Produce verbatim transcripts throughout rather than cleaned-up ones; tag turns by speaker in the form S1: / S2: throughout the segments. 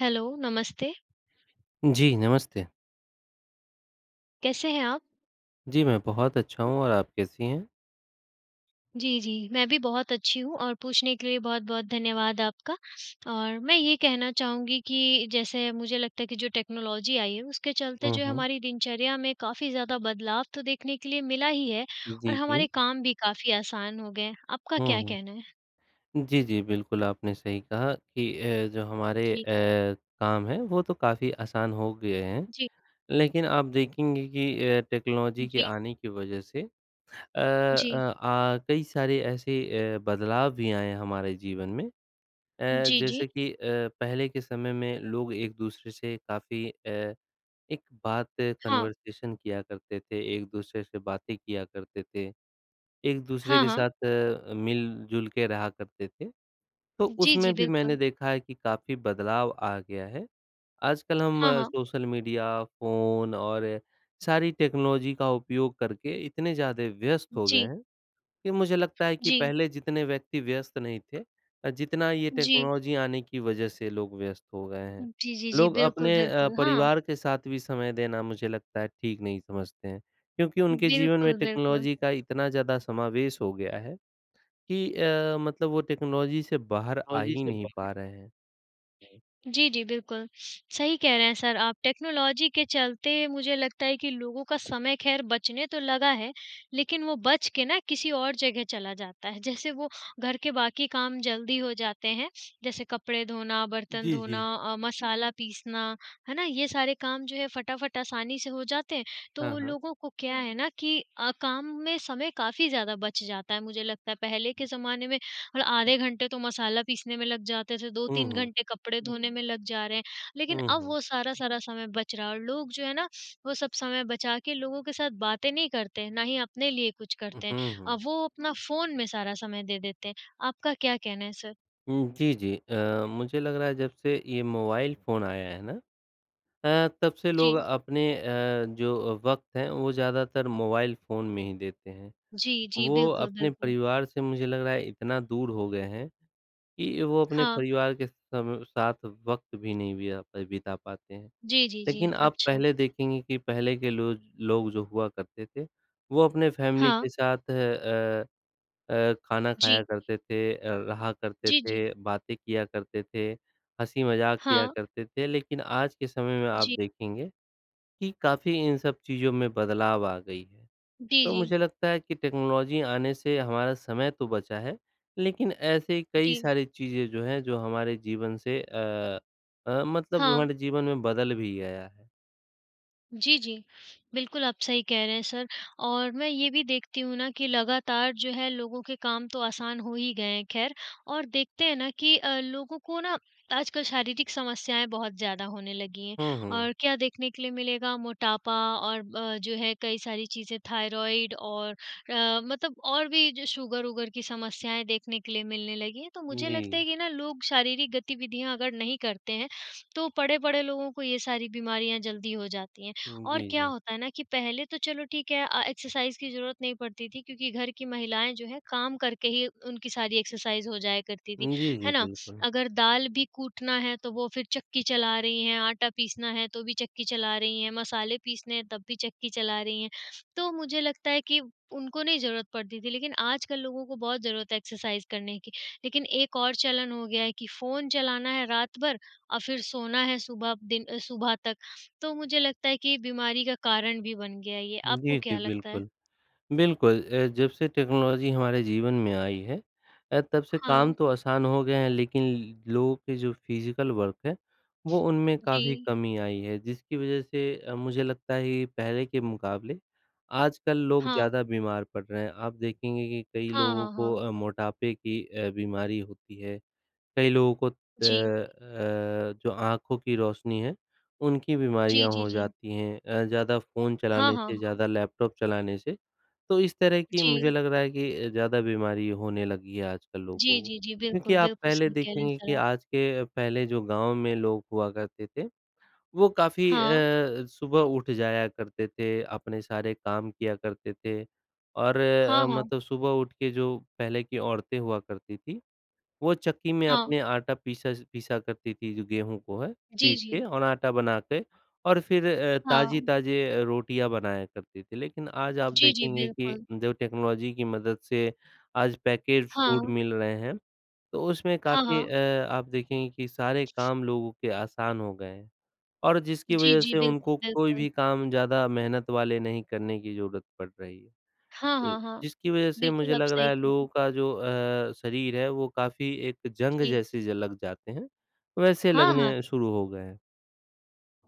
S1: Hello नमस्ते।
S2: जी, नमस्ते।
S1: कैसे हैं आप?
S2: जी, मैं बहुत अच्छा हूँ और आप कैसी हैं?
S1: जी, जी, मैं भी बहुत अच्छी हूँ और पूछने के लिए बहुत-बहुत धन्यवाद आपका। और मैं ये कहना चाहूँगी कि जैसे मुझे लगता है कि जो टेक्नोलॉजी आई है उसके चलते
S2: हुँ,
S1: जो है
S2: हुँ।
S1: हमारी दिनचर्या में काफ़ी ज़्यादा बदलाव तो देखने के लिए मिला ही है और
S2: जी,
S1: हमारे
S2: जी।
S1: काम भी काफ़ी आसान हो गए हैं, आपका
S2: हुँ,
S1: क्या कहना
S2: हुँ।
S1: है?
S2: जी, जी, बिल्कुल आपने सही कहा कि ए, जो हमारे
S1: जी।
S2: ए, काम हैं वो तो काफ़ी आसान हो गए हैं,
S1: जी।
S2: लेकिन आप देखेंगे कि ए, टेक्नोलॉजी के
S1: जी।
S2: आने की वजह से अ अ,
S1: जी।
S2: आ कई सारे ऐसे ए, बदलाव भी आए हैं हमारे जीवन में ए,
S1: जी, जी।
S2: जैसे कि अ, पहले के समय में लोग एक-दूसरे से काफ़ी अ, एक बात
S1: हाँ।
S2: कन्वर्सेशन किया करते थे, एक-दूसरे से बातें किया करते थे, एक-दूसरे
S1: हाँ,
S2: के
S1: हाँ।
S2: साथ अ, मिल-जुल के रहा करते थे, तो
S1: जी, जी,
S2: उसमें भी मैंने
S1: बिल्कुल।
S2: देखा है कि काफ़ी बदलाव आ गया है। आजकल हम
S1: हाँ, हाँ।
S2: सोशल मीडिया, फ़ोन और सारी टेक्नोलॉजी का उपयोग करके इतने ज़्यादा व्यस्त हो गए
S1: जी।
S2: हैं, कि मुझे लगता है कि
S1: जी।
S2: पहले जितने व्यक्ति व्यस्त नहीं थे अ, जितना ये
S1: जी।
S2: टेक्नोलॉजी आने की वजह से लोग व्यस्त हो गए हैं।
S1: जी, जी, जी,
S2: लोग
S1: बिल्कुल,
S2: अपने अ,
S1: बिल्कुल। हाँ।
S2: परिवार के साथ भी समय देना मुझे लगता है ठीक नहीं समझते हैं, क्योंकि उनके जीवन में
S1: बिल्कुल, बिल्कुल।
S2: टेक्नोलॉजी का इतना ज़्यादा समावेश हो गया है कि अ, मतलब वो टेक्नोलॉजी से बाहर आ ही नहीं पा रहे हैं।
S1: जी, जी, बिल्कुल। सही कह रहे हैं सर आप टेक्नोलॉजी के चलते मुझे लगता है कि लोगों का समय खैर बचने तो लगा है, लेकिन वो बच के ना किसी और जगह चला जाता है, जैसे वो घर के बाकी काम जल्दी हो जाते हैं, जैसे कपड़े धोना, बर्तन
S2: जी,
S1: धोना
S2: जी।
S1: अ, मसाला पीसना, है ना? ये सारे काम जो हैं फटाफट आसानी से हो जाते हैं, तो
S2: हाँ,
S1: वो
S2: हाँ।
S1: लोगों को क्या है ना कि अ, काम में समय काफ़ी ज़्यादा बच जाता है मुझे लगता है। पहले के ज़माने में और आधे घंटे तो मसाला पीसने में लग जाते थे, दो
S2: हुँ,
S1: तीन
S2: हुँ।
S1: घंटे कपड़े धोने में लग जा रहे हैं, लेकिन
S2: हुँ,
S1: अब
S2: हुँ।
S1: वो सारा सारा समय बच रहा है और लोग जो है ना वो सब समय बचा के लोगों के साथ बातें नहीं करते हैं, ना ही अपने लिए कुछ करते हैं,
S2: उहुँ, हुँ।
S1: अब वो अपना फ़ोन में सारा समय दे देते हैं। आपका क्या कहना है सर?
S2: उम, जी, जी। अ, मुझे लग रहा है जब से ये मोबाइल फ़ोन आया है ना अ, तब से लोग
S1: जी।
S2: अपने अ, जो वक़्त हैं वो ज़्यादातर मोबाइल फ़ोन में ही देते हैं,
S1: जी, जी।
S2: वो
S1: बिल्कुल,
S2: अपने
S1: बिल्कुल।
S2: परिवार से मुझे लग रहा है इतना दूर हो गए हैं कि वो अपने
S1: हाँ।
S2: परिवार के सम साथ वक़्त भी नहीं बिया बिता पाते हैं।
S1: जी, जी, जी।
S2: लेकिन आप
S1: अच्छा।
S2: पहले देखेंगे कि पहले के लोग लोग जो हुआ करते थे वो अपने फ़ेेमिली
S1: हाँ।
S2: के साथ अ अ, खाना खाया
S1: जी।
S2: करते थे अ, रहा करते
S1: जी, जी।
S2: थे, बातें किया करते थे, हँसी मज़ाक किया
S1: हाँ।
S2: करते थे, लेकिन आज के समय में आप
S1: जी।
S2: देखेंगे कि काफ़ी इन सब चीज़ों में बदलाव आ गई है।
S1: जी,
S2: तो
S1: जी।
S2: मुझे लगता है कि टेक्नोलॉजी आने से हमारा समय तो बचा है, लेकिन ऐसे कई
S1: जी।
S2: सारी चीज़ें जो हैं जो हमारे जीवन से अ अ, मतलब
S1: हाँ।
S2: हमारे जीवन में बदल भी गया है।
S1: जी, जी। बिल्कुल आप सही कह रहे हैं सर और मैं ये भी देखती हूँ ना कि लगातार जो है लोगों के काम तो आसान हो ही गए हैं ख़ैर और देखते हैं ना कि अ, लोगों को ना आजकल शारीरिक समस्याएँ बहुत ज़्यादा होने लगी हैं।
S2: हुँ, हुँ।
S1: और क्या देखने के लिए मिलेगा मोटापा और ब जो है कई सारी चीज़ें, थायरॉइड और अ, मतलब और भी जो शुगर-वुगर की समस्याएँ देखने के लिए मिलने लगी है, तो मुझे लगता
S2: जी।
S1: है कि ना लोग शारीरिक गतिविधियाँ अगर नहीं करते हैं, तो पड़े-पड़े लोगों को ये सारी बीमारियाँ जल्दी हो जाती हैं।
S2: हुँ,
S1: और
S2: जी,
S1: क्या
S2: जी।
S1: होता है ना कि पहले तो चलो ठीक है अ, एक्सरसाइज़ की ज़रूरत नहीं पड़ती थी, क्योंकि घर की महिलाएँ जो हैं काम करके ही उनकी सारी एक्सरसाइज़ हो जाया करती थी,
S2: हुँ, जी, जी,
S1: है ना?
S2: बिल्कुल।
S1: अगर दाल भी कूटना है तो वो फिर चक्की चला रही हैं, आटा पीसना है तो भी चक्की चला रही हैं, मसाले पीसने हैं तब भी चक्की चला रही हैं, तो मुझे लगता है कि उनको नहीं ज़रूरत पड़ती थी, लेकिन आजकल लोगों को बहुत ज़रूरत है एक्सरसाइज़ करने की। लेकिन एक और चलन हो गया है कि फ़ोन चलाना है रात भर और फिर सोना है सुबह दिन सुबह तक, तो मुझे लगता है कि बीमारी का कारण भी बन गया है ये। आपको
S2: जी, जी,
S1: क्या लगता है?
S2: बिल्कुल। बिल्कुल अ, जब से टेक्नोलॉज़ी हमारे जीवन में आई है अ, तब से काम
S1: हाँ।
S2: तो आसान हो गए हैं लेकिन ल लोगों के जो फ़िज़िकल वर्क है वो उनमें काफ़ी
S1: जी।
S2: कमी आई है, जिसकी वज़ह से अ, मुझे लगता है ये पहले के मुक़ाबले आजकल लोग
S1: हाँ।
S2: ज़्यादा बीमार पड़ रहे हैं। आप देखेंगे कि कई
S1: हाँ,
S2: लोगों
S1: हाँ,
S2: को
S1: हाँ।
S2: अ, मोटापे की अ, बीमारी होती है, कई लोगों को त
S1: जी।
S2: अ, जो आँखों की रोशनी है, उनकी
S1: जी,
S2: बीमारियाँ
S1: जी,
S2: हो
S1: जी।
S2: जाती हैं अ, ज़्यादा फ़ोन
S1: हाँ,
S2: चलाने
S1: हाँ,
S2: से,
S1: हाँ।
S2: ज़्यादा लैपटॉप चलाने से, तो इस तरह की मुझे
S1: जी।
S2: लग रहा है कि अ, ज़्यादा बीमारी होने लगी है आजकल लोगों
S1: जी,
S2: को।
S1: जी, जी।
S2: क्योंकि
S1: बिल्कुल,
S2: आप
S1: बिल्कुल
S2: पहले
S1: सही कह रहे हैं
S2: देखेंगे
S1: सर
S2: कि
S1: आप।
S2: आज के पहले जो गाँव में लोग हुआ करते थे वो काफ़ी
S1: हाँ।
S2: अ, सुबह उठ जाया करते थे, अपने सारे काम किया करते थे और
S1: हाँ,
S2: अ,
S1: हाँ।
S2: मतलब सुबह उठ के जो पहले की औरतें हुआ करती थीं, वो चक्की में
S1: हाँ।
S2: अपने आटा पीस पीसा करती थीं जो गेहूँ को है
S1: जी,
S2: पीस के
S1: जी।
S2: और आटा बना के और फिर अ, ताज़ी
S1: हाँ।
S2: ताज़े अ, रोटियाँ बनाया करती थीं, लेकिन आज आप
S1: जी, जी,
S2: देखेंगे कि
S1: बिल्कुल।
S2: जब टेक्नोलॉज़ी की मदद से आज पैकेज फ़ूड
S1: हाँ।
S2: मिल रहे हैं, तो उसमें
S1: हाँ,
S2: काफ़ी
S1: हाँ।
S2: अ, आप देखेंगे कि सारे काम लोगों के आसान हो गए हैं, और जिसकी
S1: जी,
S2: वज़ह
S1: जी,
S2: से
S1: बिल्क
S2: उनको कोई
S1: बिल्कुल।
S2: भी काम ज़्यादा मेहनत वाले नहीं करने की ज़रूरत पड़ रही है।
S1: हाँ,
S2: ल
S1: हाँ, हाँ।
S2: जिसकी वज़ह से मुझे
S1: बिल्कुल, आप
S2: लग रहा
S1: सही
S2: है
S1: कह
S2: लोगों
S1: रहे।
S2: का जो अ, शरीर है वो काफ़ी एक जंग
S1: जी।
S2: जैसे ज लग जाते हैं, वैसे
S1: हाँ, हाँ।
S2: लगने शुरू हो गए हैं।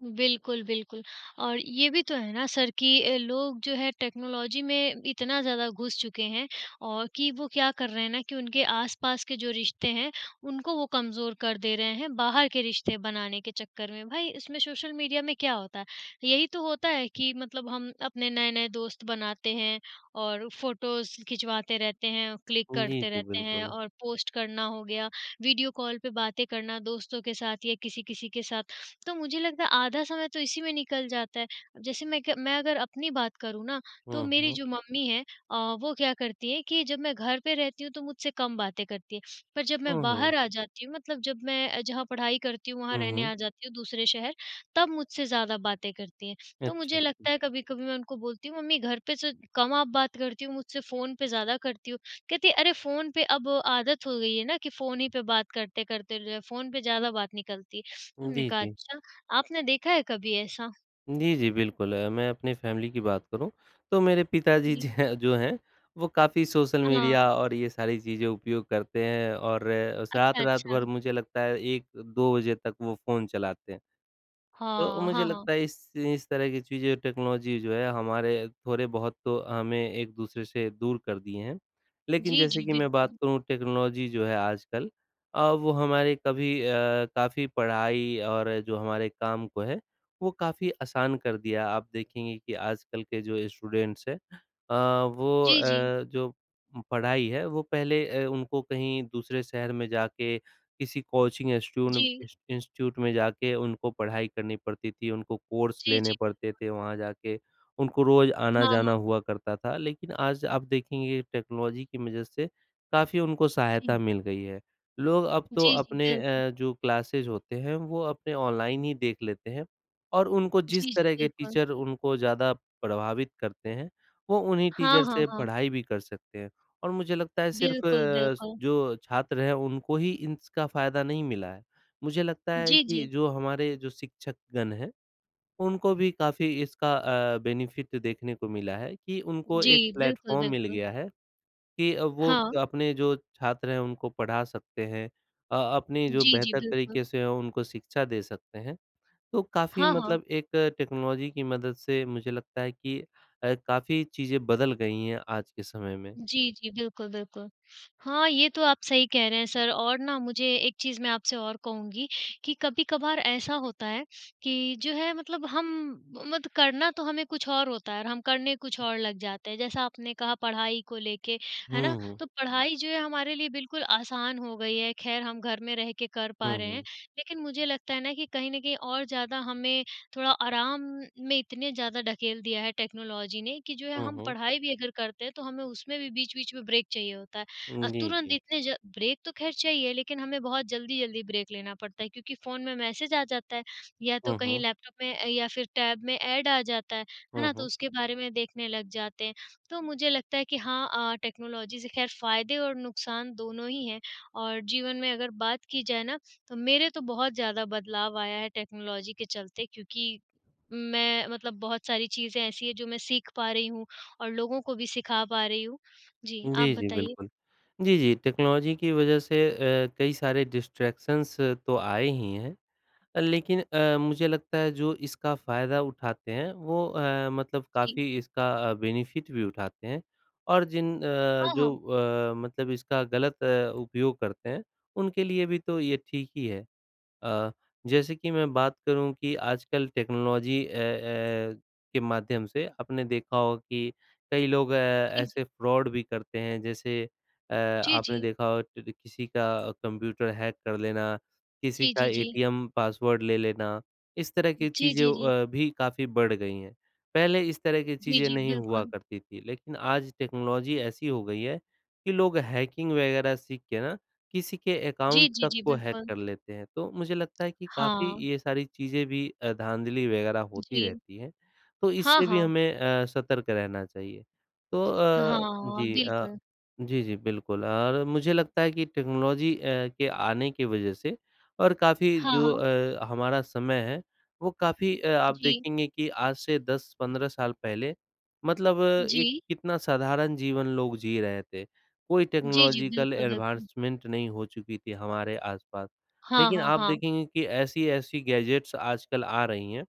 S1: बिल्कुल, बिल्कुल। और ये भी तो है ना सर कि अ, लोग जो हैं टेक्नोलॉजी में इतना ज़्यादा घुस चुके हैं औ कि वो क्या कर रहे हैं ना कि उनके आस-पास के जो रिश्ते हैं उनको वो कमज़ोर कर दे रहे हैं, बाहर के रिश्ते बनाने के चक्कर में। भाई, इसमें सोशल मीडिया में क्या होता है? यही तो होता है कि मतलब हम अपने नए-नए दोस्त बनाते हैं, और फोटोज़ खिंचवाते रहते हैं, क्लिक
S2: जी,
S1: करते
S2: जी,
S1: रहते हैं
S2: बिल्कुल।
S1: और पोस्ट करना हो गया, वीडियो कॉल पे बातें करना, दोस्तों के साथ या किसी किसी के साथ। तो मुझे लगता है आधा समय तो इसी में निकल जाता है। जैसे मैं क मैं अगर अपनी बात करूँ ना, तो
S2: हुँ,
S1: मेरी
S2: हुँ।
S1: जो मम्मी है अ, वो क्या करती हैं कि जब मैं घर पे रहती हूँ तो मुझसे कम बातें करती है, पर जब मैं
S2: हुँ, हुँ।
S1: बाहर आ जाती हूँ मतलब जब मैं अ, जहाँ पढ़ाई करती हूँ वहाँ
S2: हुँ,
S1: रहने
S2: हुँ।
S1: आ जाती हूँ दूसरे शहर तब मुझसे ज़्यादा बातें करती हैं। तो मुझे
S2: अच्छा।
S1: लगता है कभी-कभी मैं उनको बोलती हूँ, "मम्मी घर पर से कम आप बात करती हो मुझसे फ़ोन पे ज़्यादा करती हो", कहती है, "अरे! फ़ोन पे अब आदत हो गई है ना कि फ़ोन ही पे बात करते-करते जो है, फ़ोन पे ज़्यादा बात निकलती है," हमने
S2: जी,
S1: कहा,
S2: जी।
S1: "अच्छा।" आपने देखा है कभी ऐसा?
S2: जी, जी, बिल्कुल। अ, मैं अपनी फैमिली की बात करूँ, तो मेरे पिताजी
S1: जी।
S2: ज जो हैं वो काफ़ी सोशल मीडिया
S1: हाँ।
S2: और ये सारी चीजें उपयोग करते हैं और
S1: अच्छा,
S2: रात-रात
S1: अच्छा।
S2: भर मुझे लगता है एक दो बजे तक वो फ़ोन चलाते हैं। तो
S1: हाँ,
S2: मुझे
S1: हाँ, हाँ।
S2: लगता है इस इस तरह की चीज़ें टेक्नोलॉजी जो है हमारे थोड़े-बहुत तो हमें एक-दूसरे से दूर कर दिए हैं, लेकिन
S1: जी,
S2: जैसे
S1: जी,
S2: कि मैं बात
S1: बिल्कुल।
S2: करूँ टेक्नोलॉजी जो है आजकल अ, वो हमारे कभी अ, काफ़ी पढ़ाई और जो हमारे काम को है, वो काफ़ी आसान कर दिया। आप देखेंगे कि आजकल के जो स्टूडेंट्स हैं अ, वो
S1: जी, जी।
S2: अ, जो उम, पढ़ाई है वो पहले अ, उनको कहीं दूसरे शहर में जाके, किसी कोचिंग इंस्टीट्यून
S1: जी।
S2: इंस इंस्टीट्यूट में जाके उनको पढ़ाई करनी पड़ती थी, उनको कोर्स
S1: जी,
S2: लेने
S1: जी।
S2: पड़ते थे वहाँ जाके उनको रोज़
S1: हाँ,
S2: आना-जाना
S1: हाँ।
S2: हुआ करता था। लेकिन आज आप देखेंगे टेक्नोलॉजी की वजह से काफ़ी उनको
S1: जी।
S2: सहायता मिल गई है। लोग अब तो
S1: जी, जी,
S2: अपने
S1: बिल्कुल।
S2: अ, जो क्लासेस होते हैं, वो अपने ऑनलाइन ही देख लेते हैं और उनको जिस
S1: जी, जी,
S2: तरह के
S1: बिल्कुल।
S2: टीचर उनको ज़्यादा प्रभावित करते हैं, वो उन्हीं
S1: हाँ,
S2: टीचर
S1: हाँ,
S2: से
S1: हाँ।
S2: पढ़ाई भी कर सकते हैं। और मुझे लगता है सिर्फ
S1: बिल्कुल,
S2: स
S1: बिल्कुल।
S2: जो छात्र हैं उनको ही इसका फायदा नहीं मिला है, मुझे लगता है
S1: जी,
S2: कि
S1: जी।
S2: जो हमारे जो शिक्षकगण हैं उनको भी काफ़ी इसका अ, बेनिफिट देखने को मिला है, कि उनको एक
S1: जी। बिल्कुल,
S2: प्लेटफॉर्म मिल
S1: बिल्कुल।
S2: गया है कि अ, वो
S1: हाँ।
S2: अपने जो छात्र हैं उनको पढ़ा सकते हैं अ, अपनी जो
S1: जी, जी।
S2: बेहतर
S1: बिल्कुल।
S2: तरीके से उनको शिक्षा दे सकते हैं। तो काफ़ी
S1: हाँ, हाँ।
S2: मतलब एक टेक्नोलॉजी की मदद से मुझे लगता है कि अ, काफ़ी चीज़ें बदल गई हैं आज के समय में।
S1: जी, जी। बिल्कुल, बिल्कुल। हाँ, ये तो आप सही कह रहे हैं सर और ना मुझे एक चीज़ मैं आपसे और कहूँगी कि कभी-कभार ऐसा होता है, कि जो है मतलब हम मत करना तो हमें कुछ और होता है और हम करने कुछ और लग जाते हैं, जैसा आपने कहा पढ़ाई को लेके, है ना?
S2: हुँ, हुँ।
S1: तो पढ़ाई जो है हमारे लिए बिल्कुल आसान हो गई है खैर हम घर में रह के कर पा
S2: हुँ,
S1: रहे हैं,
S2: हुँ।
S1: लेकिन मुझे लगता है ना कि कहीं न कहीं और ज़्यादा हमें थोड़ा आराम में इतने ज़्यादा ढकेल दिया है टेक्नोलॉजी ने कि जो है
S2: हुँ,
S1: हम
S2: हुँ।
S1: पढ़ाई भी अगर करते हैं, तो हमें उसमें भी बीच-बीच में ब्रेक चाहिए होता है। अ,
S2: जी,
S1: तुरंत
S2: जी।
S1: इतने ज ब्रेक तो खैर चाहिए लेकिन हमें बहुत जल्दी-जल्दी ब्रेक लेना पड़ता है क्योंकि फ़ोन में मैसेज आ जाता है या तो
S2: हुँ,
S1: कहीं
S2: हुँ।
S1: लैपटॉप में अ, या फिर टैब में ऐड आ जाता है, है
S2: हुँ,
S1: ना? तो
S2: हुँ।
S1: उसके बारे में देखने लग जाते हैं, तो मुझे लगता है कि हाँ अ, टेक्नोलॉजी से खैर फायदे और नुकसान दोनों ही हैं और जीवन में अगर बात की जाए ना तो मेरे तो बहुत ज़्यादा बदलाव आया है टेक्नोलॉजी के चलते क्योंकि मैं मतलब बहुत सारी चीज़ें ऐसी हैं, जो मैं सीख पा रही हूँ और लोगों को भी सिखा पा रही हूँ। जी, आप
S2: जी, जी,
S1: बताइए।
S2: बिल्कुल। जी, जी, टेक्नोलॉजी की वजह से अ, कई सारे डिस्ट्रैक्शंस तो आए ही हैं, अ, लेकिन अ, मुझे लगता है जो इसका फायदा उठाते हैं, वो अ, मतलब
S1: जी।
S2: काफ़ी इसका अ, बेनिफिट भी उठाते हैं। और जिन अ,
S1: हाँ,
S2: जो
S1: हाँ।
S2: अ, मतलब इसका गलत उपयोग करते हैं उनके लिए भी तो ये ठीक ही है। अ, जैसे कि मैं बात करूँ कि आजकल टेक्नोलॉजी अ अ, के माध्यम से आपने देखा हो कि कई लोग
S1: जी, जी।
S2: ऐसे फ्रॉड भी करते हैं जैसे अ,
S1: जी,
S2: आपने
S1: जी।
S2: देखा हो टर किसी का कंप्यूटर हैक कर लेना, किसी
S1: जी,
S2: का
S1: जी, जी।
S2: एटीएम पासवर्ड ले लेना, इस तरह की
S1: जी, जी,
S2: चीज़ों
S1: जी।
S2: अ, भी काफ़ी बढ़ गई हैं। पहले इस तरह की
S1: जी,
S2: चीज़ें
S1: जी,
S2: नहीं हुआ
S1: बिल्कुल।
S2: करती थी, लेकिन आज टेक्नोलॉजी ऐसी हो गई है, कि लोग हैकिंग वगैरह सीख के ना किसी के
S1: जी,
S2: अकाउंट
S1: जी,
S2: तक
S1: जी,
S2: को हैक
S1: बिल्कुल।
S2: कर लेते हैं, तो मुझे लगता है कि काफ़ी
S1: हाँ।
S2: ये सारी चीजें भी अ, धाँधली वगैरह होती
S1: जी।
S2: रहती हैं, तो
S1: हाँ,
S2: इससे भी
S1: हाँ।
S2: हमें अ, सतर्क रहना चाहिए। तो
S1: ह
S2: अ,
S1: हाँ,
S2: जी अ,
S1: बिल्कुल।
S2: जी, जी, बिल्कुल। और मुझे लगता है कि टेक्नोलॉजी अ, के आने की वजह से और काफ़ी
S1: हाँ,
S2: जो
S1: हाँ।
S2: अ, हमारा समय है वो काफ़ी अ, आप
S1: जी।
S2: देखेंगे कि आज से दस पंद्रह साल पहले मतलब एक
S1: जी।
S2: कितना साधारण जीवन लोग जी रहे थे, कोई
S1: जी, जी।
S2: टेक्नोलॉजिकल
S1: बिल्कुल, बिल्कुल।
S2: एडवांसमेंट नहीं हो चुकी थी हमारे आस-पास,
S1: हाँ,
S2: लेकिन
S1: हाँ,
S2: आप
S1: हाँ।
S2: देखेंगे कि ऐसी-ऐसी गैजेट्स आजकल आ रही हैं,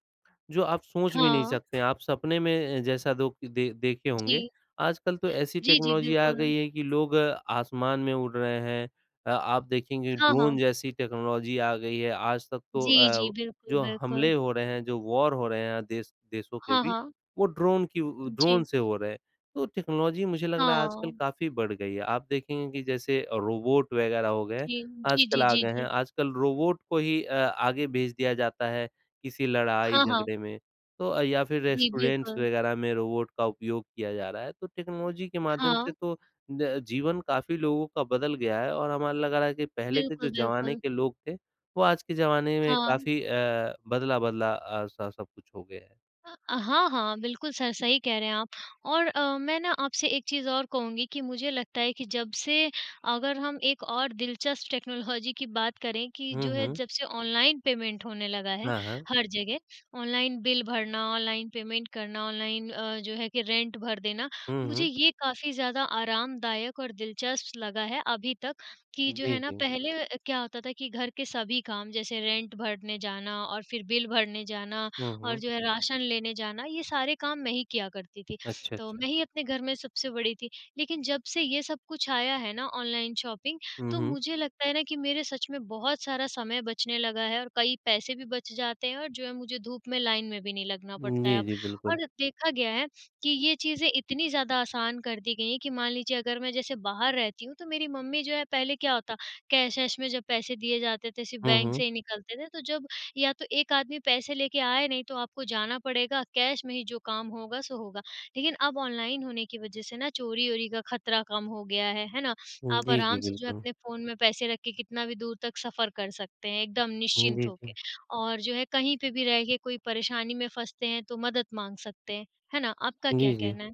S2: जो आप सोच भी नहीं
S1: हाँ।
S2: सकते, आप सपने में जैसा दोख दे देखे
S1: जी।
S2: होंगे। आजकल तो ऐसी
S1: जी, जी,
S2: टेक्नोलॉजी आ
S1: बिल्कुल।
S2: गई है कि लोग आसमान में उड़ रहे हैं अ, आप देखेंगे
S1: हाँ,
S2: ड्रोन
S1: हाँ।
S2: जैसी टेक्नोलॉजी आ गई है, आज तक तो
S1: जी, जी।
S2: अ,
S1: बिल्कुल,
S2: जो
S1: बिल्कुल।
S2: हमले हो रहे हैं जो वॉर हो रहे हैं देश देशों के
S1: हाँ,
S2: बीच
S1: हाँ।
S2: वो ड्रोन की उ ड्रोन
S1: जी।
S2: से हो रहे हैं, तो टेक्नोलॉजी मुझे लग रहा है आजकल
S1: हाँ।
S2: काफ़ी बढ़ गई है। आप देखेंगे कि जैसे अ, रोबोट वगैरह हो गए
S1: जी। जी,
S2: आजकल
S1: जी,
S2: आ
S1: जी,
S2: गए हैं
S1: जी।
S2: आजकल रोबोट को ही अ, आगे भेज दिया जाता है किसी
S1: हाँ, हाँ।
S2: लड़ाई-झगड़े में तो अ, या फिर
S1: जी,
S2: रेस्टोरेंट्स
S1: बिल्कुल।
S2: वगैरह में रोबोट का उपयोग किया जा रहा है। तो टेक्नोलॉजी के माध्यम से
S1: हाँ।
S2: तो ज जीवन काफ़ी लोगों का बदल गया है और हमें लग रहा है कि पहले के जो
S1: बिल्कुल,
S2: ज़माने
S1: बिल्कुल।
S2: के लोग थे वो आज के ज़माने में
S1: हाँ।
S2: काफ़ी अ, बदला-बदला अ, स सब कुछ हो गया है।
S1: अ, हाँ, हाँ, बिल्कुल सर। सही कह रहे हैं आप और अ, मैं ना आपसे एक चीज़ और कहूँगी कि मुझे लगता है कि जब से अगर हम एक और दिलचस्प टेक्नोलॉजी की बात करें कि
S2: हुँ,
S1: जो है
S2: हुँ।
S1: जब से ऑनलाइन पेमेंट होने लगा है
S2: हाँ, हाँ।
S1: हर जगह, ऑनलाइन बिल भरना, ऑनलाइन पेमेंट करना, ऑनलाइन अ, जो है कि रेंट भर देना,
S2: हुँ,
S1: मुझे
S2: हुँ।
S1: ये काफ़ी ज़्यादा आरामदायक और दिलचस्प लगा है अभी तक कि जो
S2: जी,
S1: है ना
S2: जी।
S1: पहले क्या होता था कि घर के सभी काम जैसे रेंट भरने जाना और फिर बिल भरने जाना
S2: हुँ,
S1: और
S2: हुँ।
S1: जो है राशन लेने जाना, ये सारे काम मैं ही किया करती थी।
S2: अच्छा,
S1: तो
S2: अच्छा।
S1: मैं ही अपने घर में सबसे बड़ी थी, लेकिन जब से ये सब कुछ आया है ना ऑनलाइन शॉपिंग
S2: हुँ,
S1: तो
S2: हुँ।
S1: मुझे लगता है ना कि मेरे सच में बहुत सारा समय बचने लगा है और कई पैसे भी बच जाते हैं और जो है मुझे धूप में लाइन में भी नहीं लगना
S2: उम,
S1: पड़ता है
S2: जी,
S1: अब।
S2: जी, बिल्कुल।
S1: और देखा गया है कि ये चीज़ें इतनी ज़्यादा आसान कर दी गई हैं कि मान लीजिए अगर मैं जैसे बाहर रहती हूँ तो मेरी मम्मी जो है पहले क्या होता कैश वैश में जब पैसे दिए जाते थे, सिर्फ़
S2: हुँ,
S1: बैंक
S2: हुँ।
S1: से ही निकलते थे, तो जब या तो एक आदमी पैसे लेके आए नहीं तो आपको जाना पड़ेगा, कैश में ही जो काम होगा सो होगा। लेकिन अब ऑनलाइन होने की वज़ह से ना चोरी-वोरी का खतरा कम हो गया है, है ना?
S2: उम,
S1: आप
S2: जी, जी,
S1: आराम से जो है,
S2: बिल्कुल।
S1: अपने फ़ोन में पैसे रख के कितना भी दूर तक सफ़र कर सकते हैं, एकदम
S2: हुँ।
S1: निश्चिंत
S2: जी,
S1: होके
S2: जी।
S1: और जो है कहीं पे भी रह के कोई परेशानी में फँसते हैं, तो मदद माँग सकते हैं, है ना? आपका क्या
S2: जी, जी।
S1: कहना है?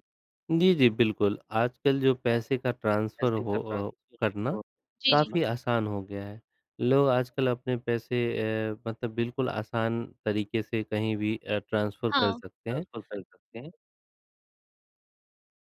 S2: जी, जी बिल्कुल। आजकल जो पैसे का ट्रांसफर हो अ, करना
S1: जी, जी।
S2: काफ़ी आसान हो गया है, लोग आजकल अपने पैसे अ, मतलब बिल्कुल आसान तरीके से कहीं भी अ, ट्रांसफ़र कर
S1: हाँ।
S2: सकते हैं।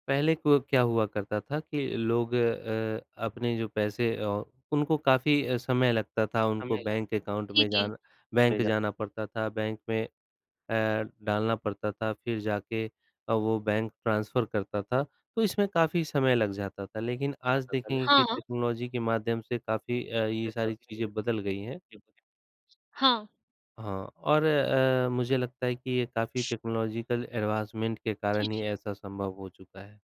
S2: पहले को क्या हुआ करता था कि लोग अ, अपने जो पैसे अ, उनको काफ़ी समय लगता था उनको
S1: जी,
S2: बैंक अकाउंट में
S1: जी।
S2: जाना बैंक जाना पड़ता था, बैंक में अ, डालना पड़ता था फ़िर जाके अ, वो बैंक ट्रांसफर करता था, तो इसमें काफ़ी समय लग जाता था। लेक़िन आज देखेंगे कि
S1: हाँ।
S2: टेक्नोलॉजी के माध्यम से काफ़ी ये अ, सारी चीज़ें बदल गई हैं।
S1: हाँ।
S2: हाँ और अ, मुझे लगता है कि ये काफ़ी टेक्नोलॉजिकल एडवांसमेंट के
S1: जी,
S2: कारण ही
S1: जी।
S2: ऐसा संभव हो चुका है।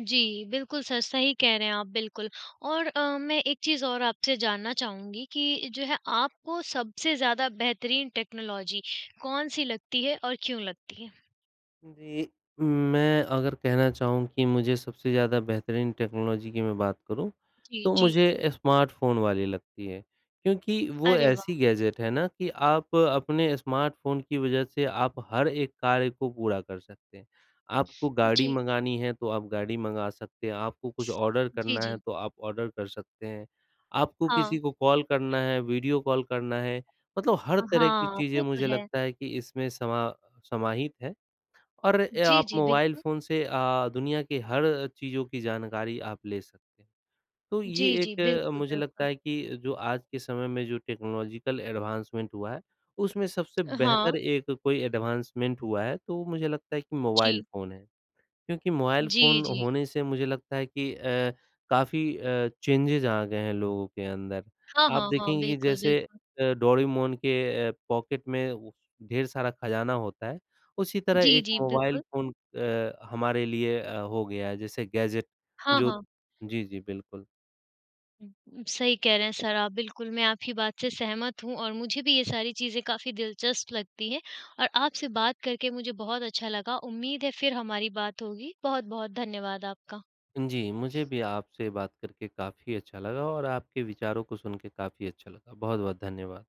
S1: जी, बिल्कुल सर सही कह रहे हैं आप बिल्कुल। और अ, मैं एक चीज़ और आपसे जानना चाहूँगी कि जो है, आपको सबसे ज़्यादा बेहतरीन टेक्नोलॉजी कौन-सी लगती है और क्यों लगती है?
S2: जी, मैं अगर कहना चाहूँ कि मुझे सबसे ज़्यादा बेहतरीन टेक्नोलॉजी की मैं बात करूँ
S1: जी,
S2: तो
S1: जी।
S2: मुझे स्मार्टफ़ोन वाली लगती है क्योंकि वो
S1: अरे,
S2: ऐसी
S1: वाह।
S2: गैजेट है ना कि आप अपने स्मार्टफ़ोन की वजह से आप हर एक कार्य को पूरा कर सकते हैं। आपको गाड़ी
S1: जी।
S2: मँगानी है, तो आप गाड़ी मँगा सकते हैं, आपको कुछ ऑर्डर
S1: जी,
S2: करना है
S1: जी।
S2: तो आप ऑर्डर कर सकते हैं। आपको
S1: हाँ।
S2: किसी को कॉल करना है, वीडियो कॉल करना है मतलब हर तरह की
S1: हाँ,
S2: चीज़ें
S1: वो तो
S2: मुझे
S1: है।
S2: लगता है कि इसमें समा समाहित हैं और
S1: जी,
S2: आप
S1: जी।
S2: मोबाइल
S1: बिल्कुल।
S2: फ़ोन से अ, दुनिया के हर चीज़ों की जानकारी आप ले सकते हैं। तो ये
S1: जी, जी।
S2: एक
S1: बिल्कुल,
S2: मुझे लगता
S1: बिल्कुल।
S2: है कि जो आज के समय में जो टेक्नोलॉजिकल एडवांसमेंट हुआ है, उसमें सबसे बेहतर
S1: हाँ।
S2: एक कोई एडवांसमेंट हुआ है, तो मुझे लगता है कि मोबाइल
S1: जी।
S2: फ़ोन है। क्योंकि मोबाइल
S1: जी,
S2: फ़ोन
S1: जी।
S2: होने से मुझे लगता है कि अ, काफ़ी अ, चेंजेस आ गए हैं लोगों के अंदर।
S1: हाँ,
S2: आप
S1: हाँ, हाँ।
S2: देखेंगे कि
S1: बिल्कुल,
S2: जैसे
S1: बिल्कुल।
S2: अ, डोरेमॉन के पॉकेट में ढेर सारा ख़ज़ाना होता है उसी तरह
S1: जी,
S2: एक
S1: जी,
S2: मोबाइल
S1: बिल्कुल।
S2: फ़ोन अ, हमारे लिए अ, हो गया है जैसे गैजेट
S1: हाँ,
S2: जो
S1: हाँ।
S2: जी, जी, बिल्कुल।
S1: सही कह रहे हैं सर आप बिल्कुल। मैं आपकी बात से सहमत हूँ और मुझे भी ये सारी चीज़ें काफ़ी दिलचस्प लगती हैं और आपसे बात करके मुझे बहुत अच्छा लगा, उम्मीद है फ़िर हमारी बात होगी। बहुत-बहुत धन्यवाद आपका।
S2: जी, मुझे भी आपसे बात करके काफ़ी अच्छा लगा और आपके विचारों को सुन के काफ़ी अच्छा लगा। बहुत-बहुत धन्यवाद।